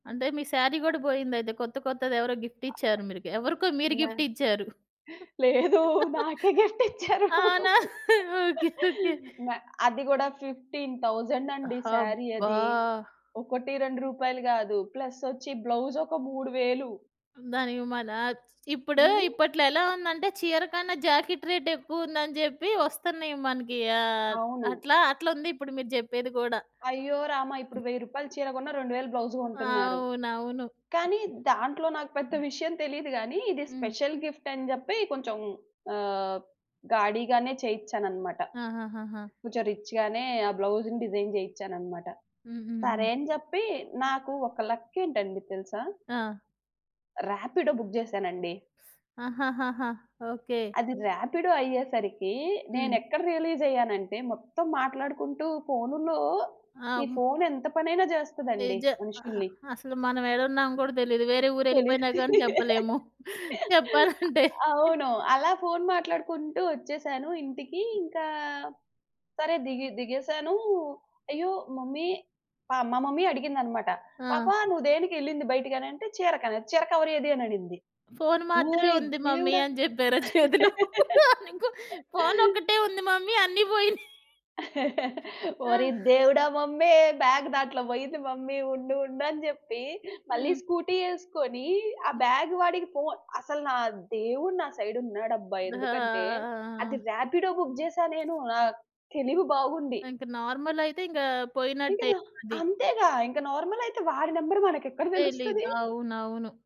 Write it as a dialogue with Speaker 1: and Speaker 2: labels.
Speaker 1: అంటే, మీ సారీ గూడా బోయిందయితే కొత్త, కొత్తది ఎవరో గిఫ్ట్ ఇచ్చారు మీకు. ఎవరికో మీరు
Speaker 2: నా
Speaker 1: గిఫ్ట్ ఇచ్చారు.
Speaker 2: లేదు. నాకే గిఫ్టిచ్చారు.
Speaker 1: అవునా? ఓకే. ఓకే.
Speaker 2: నా అది గూడా 15,000 అండి సారీ
Speaker 1: హబ్బా!
Speaker 2: అది. 1, 2 రూపాయలు గాదు. ప్లస్ ఒచ్చి బ్లౌజ్ ఒక 3000.
Speaker 1: దానికి మన ఇప్పుడు,
Speaker 2: హ్మ్.
Speaker 1: ఇప్పట్లో ఎలా ఉందంటే, చీర కన్నా జాకెట్ రేటెక్కువుందని జెప్పి వొస్తున్నాయి మనకి. ఆహ్,
Speaker 2: అవును.
Speaker 1: అట్లా అట్లుందిప్పుడు మీరు జెప్పేది గూడా.
Speaker 2: అయ్యో! రామ! ఇప్పుడు 1000 రూపాయలు చీర గొన్న, 2000 బ్లౌజ్ గొంటున్నారు.
Speaker 1: అవునవును.
Speaker 2: కానీ దాంట్లో నాకు పెద్ద విషయం తెలీదు గానీ, ఇది
Speaker 1: హ్మ్.
Speaker 2: స్పెషల్ గిఫ్ట్ అని జెప్పి కొంచెం ఆహ్, గాడి గానే చేయిచ్చానన్నమాట.
Speaker 1: ఆహాహాహా!
Speaker 2: కొంచెం రిచ్ గానే ఆ బ్లౌజ్‌ని డిజైన్ జేయిచ్చానన్నమాట. సరే
Speaker 1: హుహుహు.
Speaker 2: అని జెప్పి నాకు ఒక లక్ ఏంటండి తెలుసా?
Speaker 1: ఆ!
Speaker 2: రాపిడో బుక్ జేశానండి.
Speaker 1: ఆహాహాహా! ఓకే.
Speaker 2: అది రాపిడో అయ్యేసరికి,
Speaker 1: హ్మ్.
Speaker 2: నేను ఎక్కడ రియలైజ్ అయ్యానంటే, మొత్తం మాట్లాడుకుంటూ ఫోనులో.
Speaker 1: ఆ!
Speaker 2: ఈ
Speaker 1: హ్మ్.
Speaker 2: ఫోను ఎంత పనైనా జేస్తాదండి
Speaker 1: నిజం. అ
Speaker 2: మనుషుల్ని.
Speaker 1: అసలు మనం ఎడున్నామో గూడా తెలీదు. వేరే ఊరు
Speaker 2: తెలీదు.
Speaker 1: ఎళ్ళిపోయినా గాని, జెప్పలేము చెప్పాలంటే.
Speaker 2: అవును. అలా ఫోను మాట్లాడుకుంటూ ఒచ్చేసాను ఇంటికి. ఇంకా సరే దిగి దిగేసాను. అయ్యో! మమ్మీ. ఆహ్, మా మమ్మీ అడిగిందన్నమాట, "పాప
Speaker 1: ఆ!
Speaker 2: నువ్వు దేనికి ఎళ్ళింది బయటకి?" అనంటే చీరకన్నా, "చీర కవరేది" అనింది.
Speaker 1: ఫోను మాత్రమే
Speaker 2: ఓరి
Speaker 1: ఉంది మమ్మీ
Speaker 2: దేవుడా!
Speaker 1: అని జెప్పారా చేతిలో? అని, ఇంకో ఫోను ఒక్కటే ఉంది మమ్మీ అన్ని బోయినాయి.
Speaker 2: ఓరి
Speaker 1: ఆ!
Speaker 2: దేవుడా! మమ్మీ బ్యాగ్ దాంట్లో బోయింది మమ్మీ ఉండు, ఉండు అని జెప్పి మళ్ళీ
Speaker 1: హ్మ్.
Speaker 2: స్కూటీ ఏసుకొని ఆ బ్యాగ్ వాడికి ఫోను, అసలు నా దేవుడు నా సైడ్ ఉన్నాడబ్బా! ఎందుకంటే అది
Speaker 1: దా
Speaker 2: రాపిడో బుక్ జేశానేను. ఆహ్, తెలివి బాగుంది.
Speaker 1: ఇంకా నార్మలయితే, ఇంగా
Speaker 2: ఇక
Speaker 1: పోయినట్టే
Speaker 2: నా
Speaker 1: ఇంక అది.
Speaker 2: అంతేగా ఇంకా నార్మలయితే వాడి నంబర్ మనకెక్కడ
Speaker 1: తెలీదు.
Speaker 2: దెలుస్తది.
Speaker 1: అవునవును.